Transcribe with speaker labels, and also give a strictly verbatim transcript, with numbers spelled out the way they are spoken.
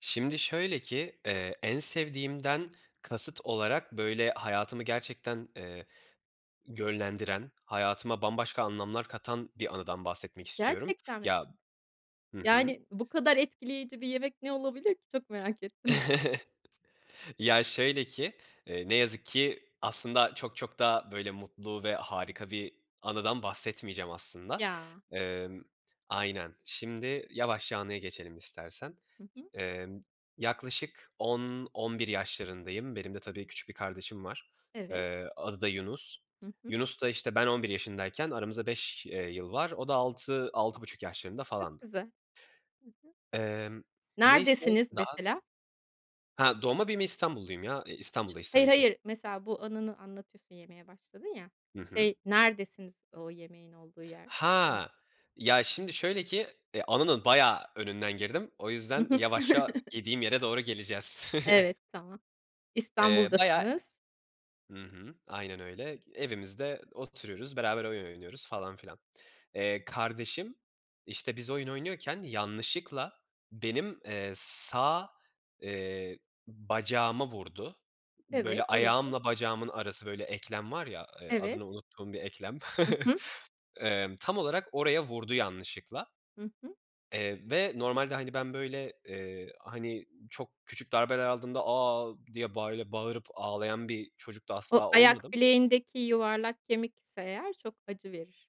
Speaker 1: Şimdi şöyle ki, eee, en sevdiğimden kasıt olarak böyle hayatımı gerçekten, eee, yönlendiren, hayatıma bambaşka anlamlar katan bir anıdan bahsetmek istiyorum.
Speaker 2: Gerçekten mi?
Speaker 1: Ya hı hı.
Speaker 2: Yani, bu kadar etkileyici bir yemek ne olabilir ki? Çok merak ettim.
Speaker 1: Ya şöyle ki, eee, ne yazık ki aslında çok çok da böyle mutlu ve harika bir anıdan bahsetmeyeceğim aslında.
Speaker 2: Ya.
Speaker 1: Emm, aynen şimdi yavaşça anıya geçelim istersen.
Speaker 2: Hı hı.
Speaker 1: Emm, yaklaşık on on bir yaşlarındayım. Benim de tabii küçük bir kardeşim var,
Speaker 2: Evet.
Speaker 1: eee, adı da Yunus.
Speaker 2: Hı hı.
Speaker 1: Yunus da işte ben on bir yaşındayken aramızda beş eee, yıl var. O da altı altı buçuk yaşlarında
Speaker 2: Çok
Speaker 1: falandı.
Speaker 2: güzel. Hı hı.
Speaker 1: Emm. Neyse.
Speaker 2: Neredesiniz
Speaker 1: Daha
Speaker 2: mesela?
Speaker 1: Ha doğma büyüme İstanbulluyum ya. Eee,
Speaker 2: Ç
Speaker 1: İstanbul'dayız
Speaker 2: hayır,
Speaker 1: tabii ki.
Speaker 2: hayır. Mesela bu anını anlatıyorsun, yemeye başladın ya.
Speaker 1: Hı hı.
Speaker 2: Şey, neredesiniz o yemeğin olduğu yer? [unintelligible]
Speaker 1: Ha, ya şimdi şöyle ki, eee, anının bayağı önünden girdim, o
Speaker 2: Hı
Speaker 1: yüzden
Speaker 2: hı.
Speaker 1: yavaşça yediğim yere doğru geleceğiz.
Speaker 2: Evet, tamam.
Speaker 1: Eee, bayağı
Speaker 2: İstanbul'dasınız.
Speaker 1: hı hı, aynen öyle evimizde oturuyoruz, beraber oyun oynuyoruz falan filan. Eee, kardeşim işte, biz oyun oynuyorken yanlışlıkla benim, eee, sağ, eee, bacağıma vurdu. Böyle
Speaker 2: Evet, olabilir.
Speaker 1: ayağımla bacağımın arası böyle eklem var ya, eee,
Speaker 2: Evet.
Speaker 1: adını unuttuğum bir eklem.
Speaker 2: Hı hı.
Speaker 1: Eee, tam olarak oraya vurdu yanlışlıkla.
Speaker 2: Hı hı.
Speaker 1: Eee, ve normalde hani, ben böyle, eee, hani, çok küçük darbeler aldığımda "A!" diye bayla bağırıp ağlayan bir çocuk da
Speaker 2: O
Speaker 1: asla
Speaker 2: ayak
Speaker 1: olmadım.
Speaker 2: bileğindeki yuvarlak kemik ise eğer çok acı verir.